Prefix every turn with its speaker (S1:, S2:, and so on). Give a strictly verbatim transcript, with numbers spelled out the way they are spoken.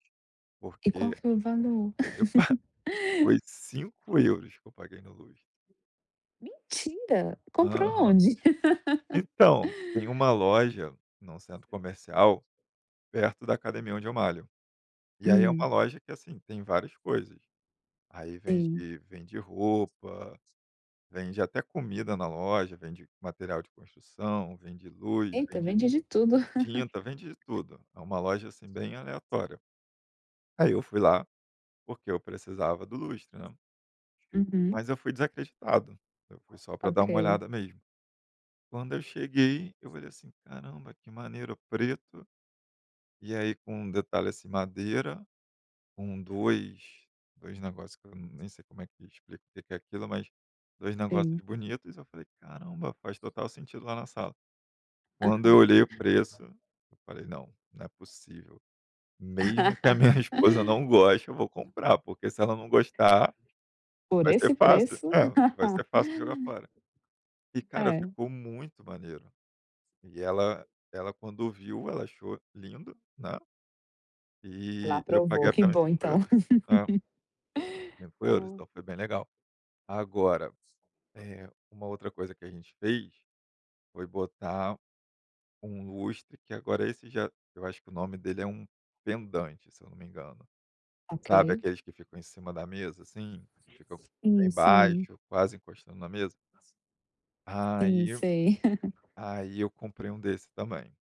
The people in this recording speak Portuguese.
S1: E qual
S2: Porque
S1: foi o valor?
S2: eu pa foi cinco euros que eu paguei na luz.
S1: Mentira, comprou
S2: Aham.
S1: aonde?
S2: Então, tem uma loja, no centro comercial, perto da academia onde eu malho, e aí é uma
S1: Hum.
S2: loja que, assim, tem várias coisas. Aí vende
S1: Sim.
S2: vende roupa, vende até comida na loja, vende material de construção, vende luz,
S1: Eita,
S2: vende
S1: vende de tudo.
S2: tinta, vende tudo, é uma loja, assim, bem aleatória. Aí eu fui lá, porque eu precisava do lustre, né
S1: Uhum.
S2: mas eu fui desacreditado, eu fui só pra dar uma
S1: Ok.
S2: olhada mesmo. Quando eu cheguei, eu falei, assim, "Caramba, que maneiro, preto.", e aí com um detalhe, assim, madeira com dois dois negócio que eu nem sei como é que eu explico o que que é aquilo, mas dois
S1: Sim.
S2: negócios bonitos, eu falei: "Caramba, faz total sentido lá na sala.", quando eu
S1: Aham.
S2: olhei o preço, eu falei: "Não, não é possível, mesmo que a minha esposa não goste, eu vou comprar, porque se ela não gostar,
S1: Por
S2: vai ser
S1: esse
S2: fácil
S1: preço?
S2: É, vai ser fácil jogar fora". E cara
S1: É.
S2: ficou muito maneiro e ela ela quando viu, ela achou lindo, né,
S1: Ela
S2: e eu paguei
S1: aprovou, que
S2: apenas
S1: bom
S2: cinco
S1: então.
S2: euros né. Cinco euros
S1: Ai.
S2: então foi bem legal. Agora, eh, uma outra coisa que a gente fez, foi botar um lustre que agora esse já, eu acho que o nome dele é um vendante se eu não me engano, sabe,
S1: Ok.
S2: aqueles que ficam em cima da mesa, assim, que ficam
S1: Sim,
S2: bem
S1: sim.
S2: baixo, quase encostando na mesa?
S1: Sim,
S2: Aí eu
S1: sei.
S2: aí eu comprei um desse, também.